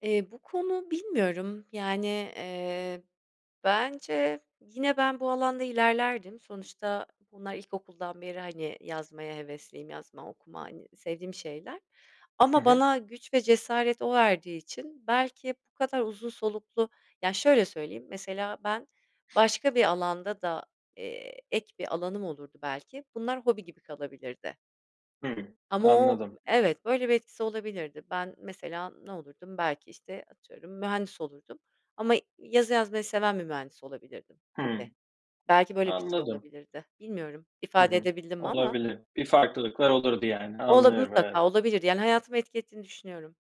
Eee, bu konu bilmiyorum, yani, eee, bence yine ben bu alanda ilerlerdim. Sonuçta bunlar ilkokuldan beri, hani, yazmaya hevesliyim, yazma, okuma, hani, sevdiğim şeyler Hı ama hı. bana güç ve cesaret o verdiği için belki bu kadar uzun soluklu Ya, şöyle söyleyeyim: Mesela ben başka bir alanda da, eee, ek bir alanım olurdu, belki bunlar hobi gibi kalabilirdi. Hı hı. Ama o Anladım. Evet, böyle bir etkisi olabilirdi. Ben mesela ne olurdum, belki, işte, atıyorum, mühendis olurdum ama yazı yazmayı seven bir mühendis olabilirdim gibi. Hımm. Belki böyle bir şey Anladım. olabilirdi. Bilmiyorum, Hı ifade hı. edebildim mi ama. Olabilir, bir farklılıklar olurdu yani. Olur, Anlıyorum, evet. mutlaka olabilirdi. Yani hayatıma etki ettiğini düşünüyorum.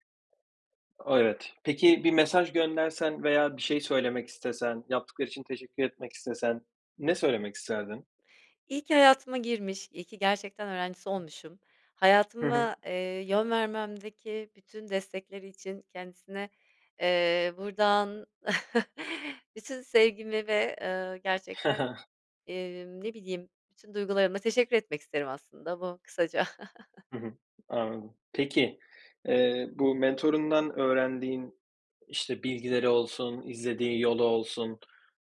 Evet, peki bir mesaj göndersen veya bir şey söylemek istesen, yaptıkları için teşekkür etmek istesen, ne söylemek isterdin? İyi ki hayatıma girmiş, iyi ki gerçekten öğrencisi olmuşum, Hı hı. hayatıma, eee, yön vermemdeki bütün destekleri için kendisine, eee, buradan bütün sevgimi ve, eee, Hı gerçekten, hı. emm, ne bileyim, bütün duygularımla teşekkür etmek isterim. Aslında bu, kısaca. Hı hı, anladım. Peki, eee, bu mentörundan öğrendiğin, işte, bilgileri olsun, izlediği yolu olsun,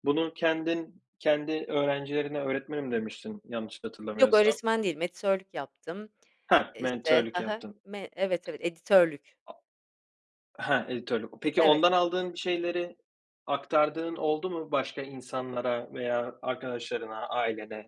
bunu kendin kendi öğrencilerine "Öğretmenim" demiştin, yanlış Yok, hatırlamıyorsam. öğretmen değilim, editörlük yaptım. Ha, Eee, işte. mentörlük Hı hı. yaptın. Me evet, evet, editörlük. a Ha, editörlük. Peki Evet. ondan aldığın şeyleri aktardığın oldu mu başka insanlara veya arkadaşlarına, ailene?